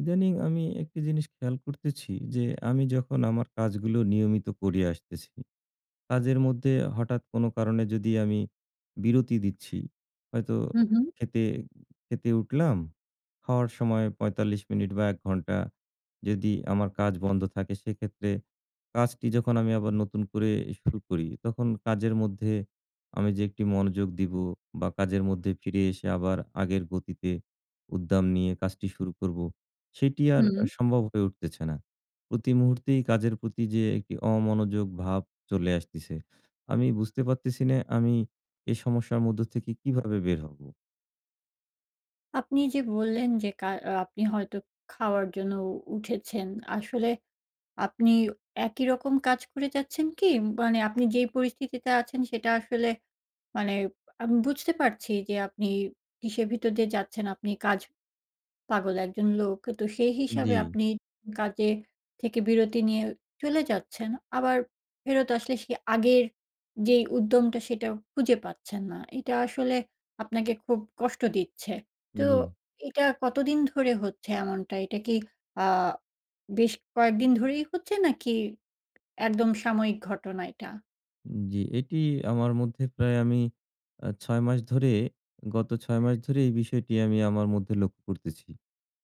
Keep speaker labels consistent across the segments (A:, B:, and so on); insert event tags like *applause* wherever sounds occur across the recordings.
A: ইদানীিং আমি একটা জিনিস খেয়াল করতেছি যে আমি যখন আমার কাজগুলো নিয়মিত করে আসতেছি, কাজের মধ্যে হঠাৎ কোনো কারণে যদি আমি বিরতি দিচ্ছি, হয়তো
B: হু, হু।
A: খেতে, খেতে উঠলাম। খাওয়ার সময় ৪৫ মিনিট বা ১ ঘণ্টা যদি আমার কাজ বন্ধ থাকে, সেক্ষেত্রে কাজটি যখন আমি আবার নতুন করে শুরু করি, তখন কাজের মধ্যে আমি যে ১ টি মনোযোগ দিব বা কাজের মধ্যে ফিরে এসে আবার আগের গতিতে উদ্দাম নিয়ে কাজটি শুরু করব, সেটি আর আ
B: হুম।
A: সম্ভব হয়ে উঠতেছে না। প্রতি মুহূর্তেই কাজের প্রতি যে একটি অমনোযোগ ভাব চলে আসতেছে। আমি বুঝতে পারতেছি না আমি এই সমস্যার মধ্য থেকে কীভাবে বের হব?
B: আপনি যে বললেন যে কার আ আপনি হয়তো খাওয়ার জন্য উ উঠেছেন, আসলে আপনি একই রকম কাজ করে যাচ্ছেন কি? মানে আপনি যেই পরিস্থিতিতে আছেন, সেটা আসলে মানে আমি বুঝতে পারছি যে আপনি কিসের ভিতর দিয়ে যাচ্ছেন। আপনি কাজ পাগল ১ জন লোক। তো সে হিসাবে
A: জি।
B: আপনি কাজে থেকে বিরতি নিয়ে চলে যাচ্ছেন। আবার ফেরত আসলে সে আগের যেই উদ্যমটা, সেটা খুঁজে পাচ্ছেন না। এটা আসলে আপনাকে খুব কষ্ট দিচ্ছে। তো
A: জি।
B: এটা কতদিন ধরে হচ্ছে এমনটা? এটা কি আ বেশ কয়েকদিন ধরেই হচ্ছে নাকি একদম সাময়িক ঘটনা এটা?
A: জি, এটি আমার মধ্যে প্রায় আমি আ ৬ মাস ধরে গত ৬ মাস ধরেই এই বিষয়টি আমি আমার মধ্যে লক্ষ্য করতেছি।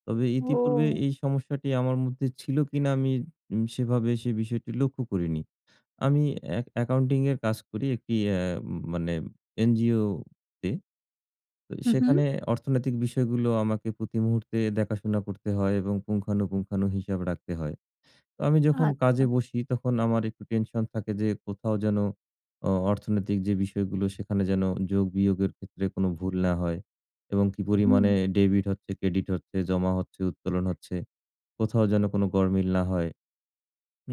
A: তবে ইতিপূর্বে
B: ও।
A: এই সমস্যাটি আমার মধ্যে ছিল কিনা আমি উ সেভাবে সে বিষয়টি লক্ষ্য করিনি। আমি এ্যা অ্যাকাউন্টিংয়ের কাজ করি একটি এ্যাম মানে এনজিওতে। তো,
B: হু, হু।
A: সেখানে অর্থনৈতিক বিষয়গুলো আমাকে প্রতি মুহূর্তে দেখাশোনা করতে হয় এবং পুঙ্খানুপুংখানু হিসাব রাখতে হয়। আমি যখন
B: আচ্ছা।
A: কাজে বসি তখন আমার একটু টেনশন থাকে যে, কোথাও যেন অ অর্থনৈতিক যে বিষয়গুলো, সেখানে যেন যোগ-বিয়োগের ক্ষেত্রে কোন ভুল না হয়। এবং কি পরিমাণে
B: হুম।
A: এ debit হচ্ছে, credit হচ্ছে, জমা হচ্ছে, উত্তোলন হচ্ছে, কোথাও যেন কোন গড়মিল না হয়।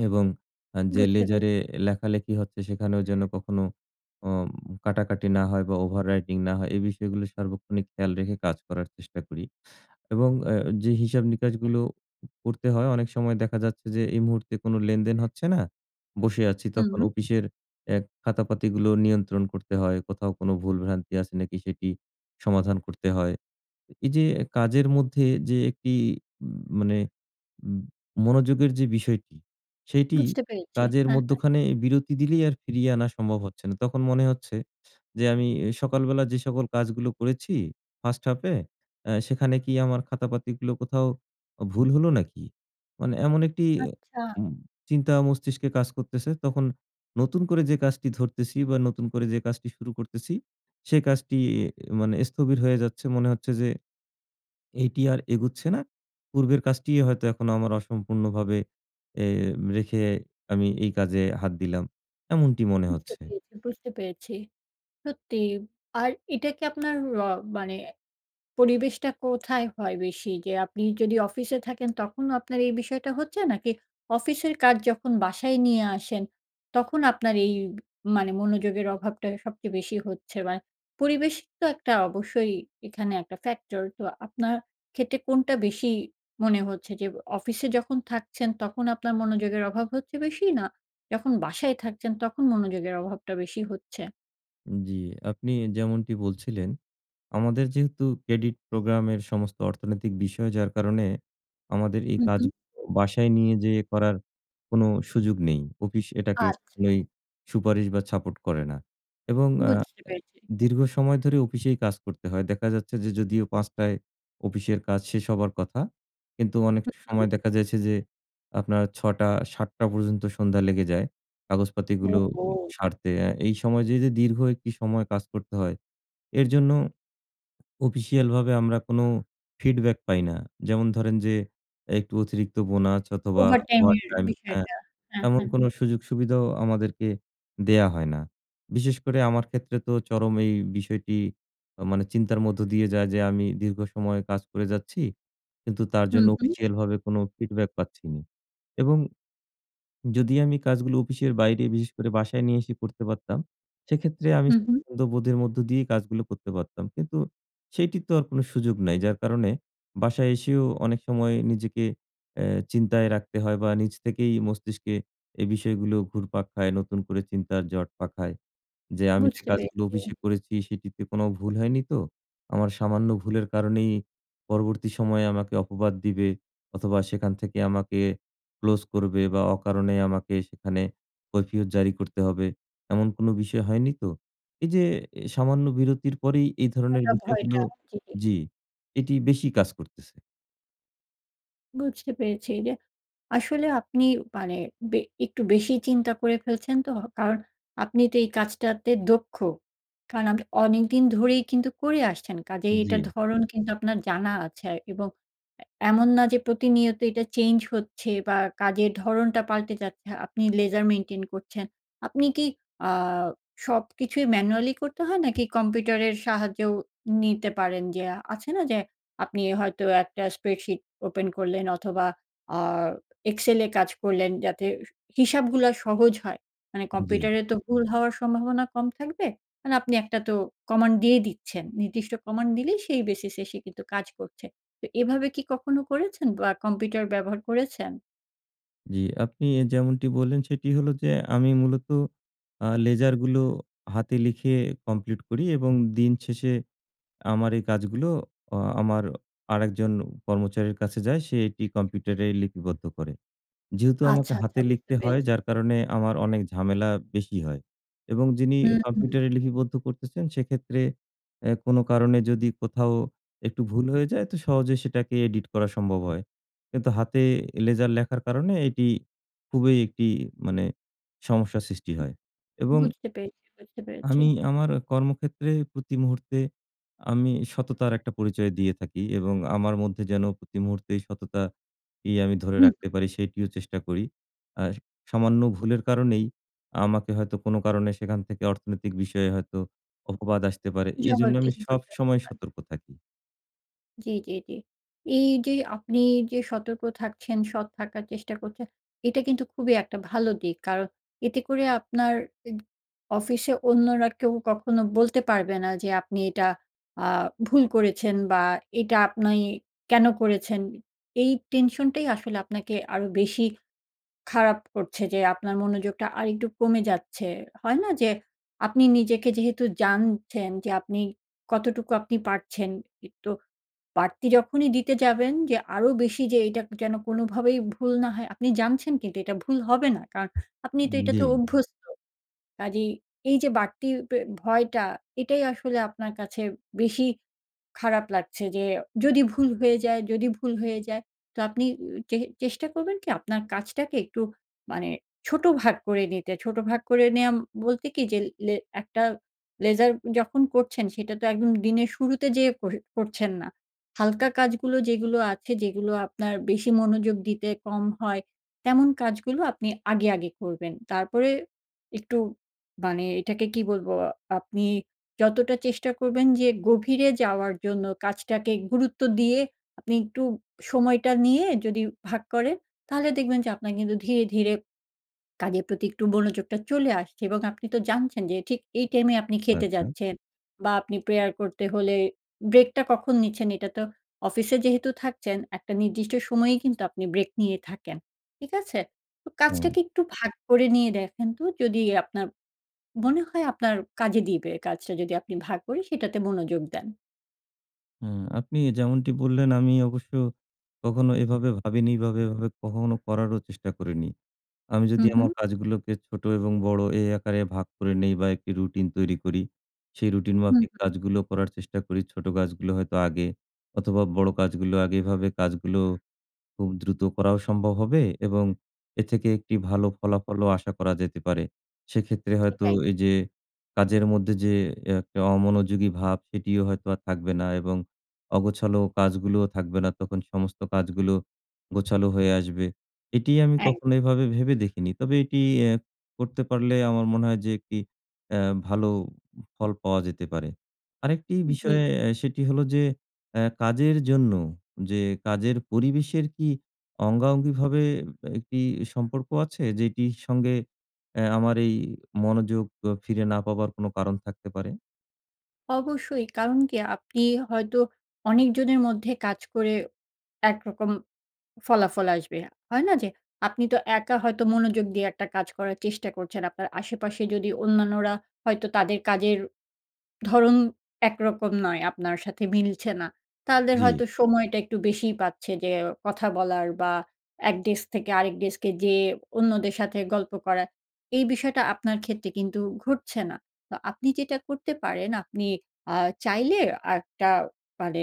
A: এবং আ যে
B: বুঝতে পেরেছি।
A: ledger এ লেখালেখি হচ্ছে, সেখানেও যেন কখনো অম কাটাকাটি না হয় বা, overwriting না হয়। এই বিষয়গুলো সার্বক্ষণিক খেয়াল রেখে কাজ করার চেষ্টা করি। এবং অ্যা যে হিসাব-নিকাসগুলো উ করতে হয় অনেক সময় দেখা যাচ্ছে যে, এই মুহূর্তে কোন লেনদেন হচ্ছে না, বসে আছি। তখন
B: হুম।
A: অফিসের এ খাতাপাতিগুলো নিয়ন্ত্রণ করতে হয়। কোথাও কোনো ভুল-ভ্রান্তি আছে নাকি সেটি সমাধান করতে হয়। এ এইযে কাজের মধ্যে যে একটি উম মানে ম মনোযোগের যে বিষয়টি, সেইটি
B: বুঝতে পেরেছি।
A: কাজের
B: হ্যাঁ, হ্যাঁ।
A: মধ্যখানে বিরতি দিলেই আর ফিরিয়ে আনা সম্ভব হচ্ছে না। তখন মনে হচ্ছে, যে আমি এ সকালবেলা যে সকল কাজগুলো করেছি first half এ, এ্যা সেখানে কি আমার খাতাপাতিগুলো কোথাও অ ভুল হলো নাকি? মানে এমন একটি
B: আচ্ছা।
A: উম চিন্তা মস্তিষ্কে কাজ করতেছে। তখন নতুন করে যে কাজটি ধরতেছি বা, নতুন করে যে কাজটি শুরু করতেছি। সে কাজটি ই মানে স্থবির হয়ে যাচ্ছে। মনে হচ্ছে যে, এটি আর এগোচ্ছে না। পূর্বের কাজটিই হয়তো এখনো আমার অসম্পূর্ণভাবে এ রেখে আমি এই কাজে হাত দিলাম। এমনটি মনে
B: বুঝতে
A: হচ্ছে।
B: পেরেছি, বুঝতে পেরেছি। সত্যি, আর এটা কি আপনার অ মানে পরিবেশটা কোথায় হয় বেশি? যে আপনি যদি অফিসে থাকেন, তখন আপনার এই বিষয়টা হচ্ছে? নাকি অফিসের কাজ যখন বাসায় নিয়ে আসেন, তখন আপনার এই মানে মনোযোগের অভাবটা সবচেয়ে বেশি হচ্ছে? বা, পরিবেশ তো একটা অবশ্যই এখানে একটা ফ্যাক্টর, তো আপনার ক্ষেত্রে কোনটা বেশি মনে হচ্ছে? যে এ অফিসে যখন থাকছেন, তখন আপনার মনোযোগের অভাব হচ্ছে বেশি? না যখন বাসায় থাকছেন, তখন মনোযোগের অভাবটা বেশি হচ্ছে?
A: উম জি, আপনি যেমনটি বলছিলেন, আমাদের যেহেতু ক্রেডিট প্রোগ্রামের সমস্ত অর্থনৈতিক বিষয় যার কারণে, আমাদের এই
B: হু, হু।
A: কাজগুলো বাসায় নিয়ে যেয়ে করার কোন সুযোগ নেই। অফিস এটাকে
B: আচ্ছা।
A: কোনই সুপারিশ বা সাপোট করে না। এবং আ
B: বুঝতে
A: অ্যা
B: পেরেছি।
A: দীর্ঘ সময় ধরে অফিসেই কাজ করতে হয়। দেখা যাচ্ছে যে যদিও ৫ঃ০০ য় অফিসের কাজ শেষ হবার কথা। কিন্তু অনেক
B: হু,
A: স
B: হুম।
A: সময় দেখা যাচ্ছে যে আপনার ৬ঃ০০-৭ঃ০০ পর্যন্ত সন্ধ্যা লেগে যায়। কাগজপাতিগুলো ও
B: ওহো!
A: সারতে। এই সময় যে, যে দীর্ঘ একটি সময় কাজ করতে হয় এর জন্য অফিসিয়াল ভাবে আমরা কোন ফিডব্যাক পাই না। যেমন ধরেন, যে একটু অতিরিক্ত বোনাস অথবা
B: ওভার টাইম এর
A: ওভারটাইম হ্যাঁ,
B: বিষয়টা, হ্যাঁ,
A: এমন
B: হ্যাঁ।
A: কোন সুযোগ সুবিধাও আমাদেরকে দেয়া হয় না। বিশেষ করে আমার ক্ষেত্রে তো চরম এই বিষয়টি এ মানে চিন্তার মধ্য দিয়ে যায়। যে আমি দীর্ঘ সময় কাজ করে যাচ্ছি। কিন্তু তার
B: হুম,
A: জন্য
B: হুম।
A: অফিসিয়াল ভাবে কোন ফিডব্যাক পাচ্ছি না। এবং যদি আমি কাজগুলো অফিসের বাইরে বিশেষ করে বাসায় নিয়ে এসে করতে পারতাম, সেক্ষেত্রে আমি
B: হুম, হুম।
A: বোধের মধ্য দিয়েই কাজগুলো করতে পারতাম। কিন্তু সেটির তো আর কোন সুযোগ নাই। যার কারণে বাসায় এসেও অনেক সময় নিজেকে অ্যা চিন্তায় রাখতে হয় বা নিজ থেকেই মস্তিষ্কে এই বিষয়গুলো ঘুরপাক খায় নতুন করে চিন্তার জট পাখায়। যে আমি যে
B: বুঝতে
A: কাজগুলো
B: পেরেছি।
A: অফিসে করেছি সেটিতে কোন ভুল হয়নি তো? আমার সামান্য ভুলের কারণেই পরবর্তী সময়ে আমাকে অপবাদ দিবে অথবা সেখান থেকে আমাকে ক্লোজ করবে বা অকারণে আমাকে সেখানে কৈফিয়ত জারি করতে হবে। এমন কোন বিষয় হয়নি তো? এই যে অ্যা সামান্য বিরতির পরেই এই ধরনের
B: একটা
A: বিষয়গুলো
B: ভয়টা, জি, জি।
A: জ্বী, এটি বেশি কাজ করতেছে।
B: বুঝতে পেরেছি যে, আসলে আপনি, মানে, বে একটু বেশি চিন্তা করে ফেলছেন, তো? কারণ আপনি তো এই কাজটাতে দক্ষ। কারণ আপনি অনেকদিন ধরেই কিন্তু করে আসছেন। কাজিই এটার
A: জি।
B: ধরন কিন্তু আপনার জানা আছে, আরকি, এবং এ এমন না যে, প্রতিনিয়ত এটা চেঞ্জ হচ্ছে বা কাজের ধরনটা পাল্টে যাচ্ছে। আপনি লেজার মেইনটেইন করছেন। আপনি কি, আ সবকিছুই ম্যানুয়ালি করতে হয়, নাকি কম্পিউটারের সাহায্যেও নিতে পারেন? যে আছে না? যে, আপনি হয়তো একটা স্প্রেডশিট ওপেন করলেন, অথবা, আ এক্সেলে এ কাজ করলেন, যাতে হিস হিসাবগুলা সহজ হয়। মানে
A: জি।
B: কম্পিউটারে তো ভুল হওয়ার সম্ভাবনা কম থাকবে। মানে আপনি একটা তো কমান্ড দিয়ে দিচ্ছেন। নির্দিষ্ট কমান্ড দিলেই, সেই বেসিস এ সে কিন্তু কাজ করছে। তো এভাবে কি কখনো করেছেন, বা কম্পিউটার ব্যবহার করেছেন?
A: জি, আপনি যেমনটি বললেন, সেটি হলো যে আমি মূলত, আ লেজার গুলো হাতে লিখে কমপ্লিট করি, এবং দিন শেষে আমার এই কাজগুলো, অ আমার আরেকজন কর্মচারীর কাছে যায়, সে এটি কম্পিউটারে লিপিবদ্ধ করে। যেহেতু আমাকে
B: আচ্ছা, আচ্ছা,
A: হাতে
B: বুঝতে
A: লিখতে হয়,
B: পেরেছি।
A: যার কারণে আমার অনেক ঝামেলা বেশি হয়। এবং যিনি
B: হুম, হুম,
A: কম্পিউটারে
B: হুম।
A: লিপিবদ্ধ করতেছেন, সেক্ষেত্রে এ কোনো কারণে যদি কোথাও একটু ভুল হয়ে যায়, তো সহজেই সেটাকে এডিট করা সম্ভব হয়। কিন্তু হাতে লেজার লেখার কারণে এটি খুবই একটি, মানে, সমস্যার সৃষ্টি হয়। এবং
B: বুঝতে পেরেছি, বুঝতে পেরেছি।
A: আমি আমার কর্মক্ষেত্রে প্রতি মুহূর্তে, আমি সততার একটা পরিচয় দিয়ে থাকি এবং আমার মধ্যে যেন প্রতি মুহূর্তেই সততাকেই আমি ধরে
B: হু।
A: রাখতে পারি, সেটিও চেষ্টা করি। আর সামান্য ভুলের কারণেই, আমাকে হয়তো কোনো কারণে সেখান থেকে অর্থনৈতিক বিষয়ে হয়তো অপবাদ আসতে পারে। এজন্য আমি
B: জবাবদিহি করতে হতে
A: সবসময়
B: পারে।
A: সতর্ক থাকি।
B: জ্বী, জ্বী, জ্বী। এই যে আপনি যে সতর্ক থাকছেন, সৎ থাকার চেষ্টা করছেন, এটা কিন্তু খুবই একটা ভালো দিক। কারণ এতে করে আপনার এদ অফিসে অন্যরা কেউ কখনো বলতে পারবে না যে আপনি এটা আ ভুল করেছেন বা এটা আপনি কেন করেছেন? এই tension টাই আসলে আপনাকে আরো বেশি খারাপ করছে যে আপনার মনোযোগটা আরেকটু কমে যাচ্ছে। হয় না যে, আপনি নিজেকে যেহেতু জানছেন যে আপনি কতটুকু আপনি পারছেন, একটু বাড়তি যখনই দিতে যাবেন যে আরো বেশি যে এটা যেন কোনোভাবেই ভুল না হয়, আপনি জানছেন কিন্তু এটা ভুল হবে না কারণ আপনি তো
A: উম
B: এটাতে
A: জি।
B: অভ্যস্ত। কাজেই এই যে বাড়তি পে ভয়টা এটাই আসলে আপনার কাছে বেশি খারাপ লাগছে যে যদি ভুল হয়ে যায়, যদি ভুল হয়ে যায়, তো আপনি এ চে চেষ্টা করবেন কি আপনার কাজটাকে একটু মানে ছোট ভাগ করে নিতে। ছোট ভাগ করে নেওয়া বলতে কি যে, লে একটা ledger যখন করছেন সেটা তো একদম দিনের শুরুতে যে কর করছেন না। হালকা কাজগুলো যেগুলো আছে, যেগুলো আপনার বেশি মনোযোগ দিতে কম হয়, তেমন কাজগুলো আপনি আগে, আগে করবেন। তারপরে একটু মানে এটাকে কি বলবো, আপনি যতটা চেষ্টা করবেন যে গভীরে যাওয়ার জন্য কাজটাকে গুরুত্ব দিয়ে আপনি একটু সময়টা নিয়ে যদি ভাগ করেন তাহলে দেখবেন যে আপনার কিন্তু ধীরে, ধীরে *swallows* কাজের প্রতি একটু মনোযোগটা চলে আসছে। এবং আপনি তো জানছেন যে ঠিক এই টাইম এ আপনি খেতে
A: আচ্ছা।
B: যাচ্ছেন বা আপনি prayer করতে হলে break টা কখন নিচ্ছেন এটা তো অফিসে যেহেতু থাকছেন একটা নির্দিষ্ট সময়েই কিন্তু আপনি break নিয়ে থাকেন। ঠিক আছে? তো
A: হ্যাঁ।
B: কাজটাকে একটু ভাগ করে নিয়ে দেখেন তো যদি আপনার, মনে হয় আপনার কাজে দিবে কাজটা যদি আপনি ভাগ করে সেটাতে মনোযোগ দেন।
A: হ্যাঁ আপনি যেমনটি বললেন আমি অবশ্য কখনো এভাবে ভাবিনি বা এইভাবে, এভাবে কখনো করারও চেষ্টা করিনি। আমি যদি
B: হুম, হুম।
A: আমার কাজগুলোকে ছোটো এবং বড়ো এই আকারে ভাগ করে নিই বা একটি রুটিন তৈরি করি সেই রুটিন
B: হুম,
A: মাফিক
B: হু।
A: কাজগুলো করার চেষ্টা করি, ছোটো কাজগুলো হয়তো আগে অথবা বড়ো কাজগুলো আগে এভাবে কাজগুলো খুব দ্রুত করাও সম্ভব হবে এবং এর থেকে একটি ভালো ফলাফলও আশা করা যেতে পারে। সেক্ষেত্রে হয়তো
B: সেটাই।
A: এই যে কাজের মধ্যে যে একটা অমনোযোগী ভাব সেটিও হয়তো আর থাকবে না এবং অগোছালো কাজগুলোও থাকবে না তখন সমস্ত কাজগুলো গোছালো হয়ে আসবে। এটিই আমি
B: এক।
A: কখনো এভাবে ভেবে দেখিনি। তবে এটি এ করতে পারলে আমার মনে হয় যে একটি অ্যা ভালো ফল পাওয়া যেতে পারে। আরেকটি
B: জি, জি।
A: বিষয় অ্যা সেটি হলো যে অ্যা কাজের জন্য যে কাজের পরিবেশের কি অঙ্গাঅঙ্গিভাবে একটি সম্পর্ক আছে? যেটির সঙ্গে অ্যা আমার এই মনোযোগ ফিরে না পাবার কোন কারণ থাকতে পারে?
B: অবশ্যই কারণ কি আপনি হয়তো অনেক জনের মধ্যে কাজ করে একরকম ফলাফল আসবে। হয় না যে আপনি তো একা হয়তো মনোযোগ দিয়ে একটা কাজ করার চেষ্টা করছেন। আপনার আশেপাশে যদি অন্যান্যরা হয়তো তাদের কাজের ধরন একরকম নয়, আপনার সাথে মিলছে না। তাদের
A: জ্বী।
B: হয়তো সময়টা একটু বেশিই পাচ্ছে যে কথা বলার বা ১ ডেস্ক থেকে আরেক ডেস্কে যেয়ে অন্যদের সাথে গল্প করা। এই বিষয়টা আপনার ক্ষেত্রে কিন্তু ঘটছে না। তো আপনি যেটা করতে পারেন আপনি আ চাইলে একটা মানে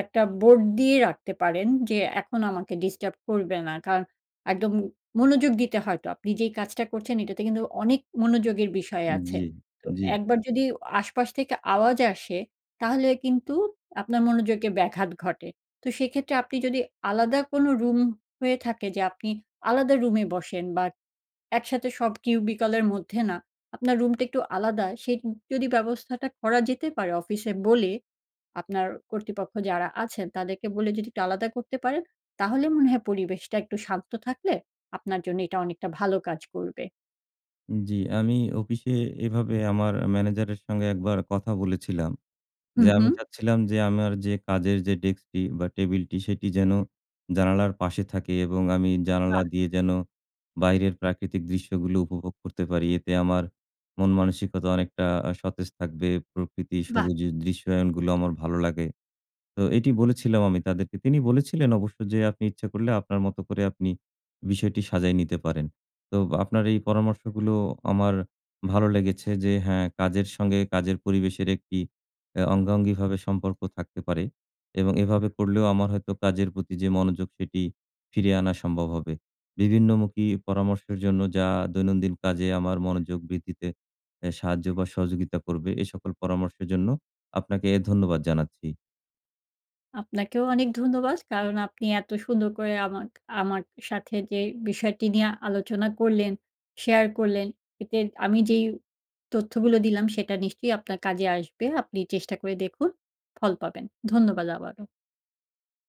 B: ১ টা বোর্ড দিয়ে রাখতে পারেন যে, "এখন আমাকে ডিস্টার্ব করবে না।" কারণ একদম মনোযোগ দিতে হয় তো, আপনি যেই কাজটা করছেন এটাতে কিন্তু অনেক মনোযোগের বিষয় আছে।
A: জ্বী,
B: তো
A: জ্বী।
B: ১ বার যদি আশপাশ থেকে আওয়াজ আসে তাহলে কিন্তু আপনার মনোযোগে ব্যাঘাত ঘটে। তো সেক্ষেত্রে আপনি যদি আলাদা কোন রুম হয়ে থাকে যে আপনি আলাদা রুমে বসেন বা একসাথে সব cubicle এর মধ্যে না আপনার রুমটা একটু আলাদা, সে যদি ব্যবস্থাটা করা যেতে পারে অফিসে বলে, আপনার কর্তৃপক্ষ যারা আছেন তাদেরকে বলে যদি একটু আলাদা করতে পারেন তাহলে মনে হয় পরিবেশটা একটু শান্ত থাকলে আপনার জন্য এটা অনেকটা ভালো কাজ করবে।
A: উম, জ্বি। আমি অফিসে এভাবে আমার ম্যানেজারের সঙ্গে একবার কথা বলেছিলাম
B: হু,
A: যে, "আমি
B: হু।
A: চাচ্ছিলাম যে আমার যে কাজের যে ডেস্কটি বা টেবিলটি সেটি যেন জানালার পাশে থাকে এবং আমি
B: বাহ!
A: জানালা দিয়ে যেন বাইরের প্রাকৃতিক দৃশ্যগুলো উপভোগ করতে পারি। এতে আমার, মন-মানসিকতা অনেকটা আ সতেজ থাকবে। প্রকৃতি
B: বাহ!
A: সবুজের দৃশ্যায়নগুলো আমার ভালো লাগে।" তো এটি বলেছিলাম আমি তাদেরকে তিনি বলেছিলেন অবশ্য যে, "আপনি ইচ্ছা করলে আপনার মত করে আপনি বিষয়টি সাজায় নিতে পারেন।" তো আপনার এই পরামর্শগুলো আমার ভালো লেগেছে যে হ্যাঁ কাজের সঙ্গে কাজের পরিবেশের একটি, অ্যা অঙ্গাঙ্গীভাবে সম্পর্ক থাকতে পারে। এবং এভাবে করলেও আমার হয়তো কাজের প্রতি যে মনোযোগ সেটি ফিরে আনা সম্ভব হবে। বিভিন্নমুখী পরামর্শের জন্য যা দৈনন্দিন কাজে আমার মনোযোগ বৃদ্ধিতে এহ সাহায্য বা সহযোগিতা করবে এ সকল পরামর্শের জন্য আপনাকে ধন্যবাদ জানাচ্ছি।
B: আপনাকেও অনেক ধন্যবাদ। কারণ আপনি এত সুন্দর করে আমা আমার সাথে যে বিষয়টি নিয়ে আলোচনা করলেন, শেয়ার করলেন এতে আমি যেই তথ্যগুলো দিলাম সেটা নিশ্চয়ই আপনার কাজে আসবে। আপনি চেষ্টা করে দেখুন। ফল পাবেন। ধন্যবাদ আবারো।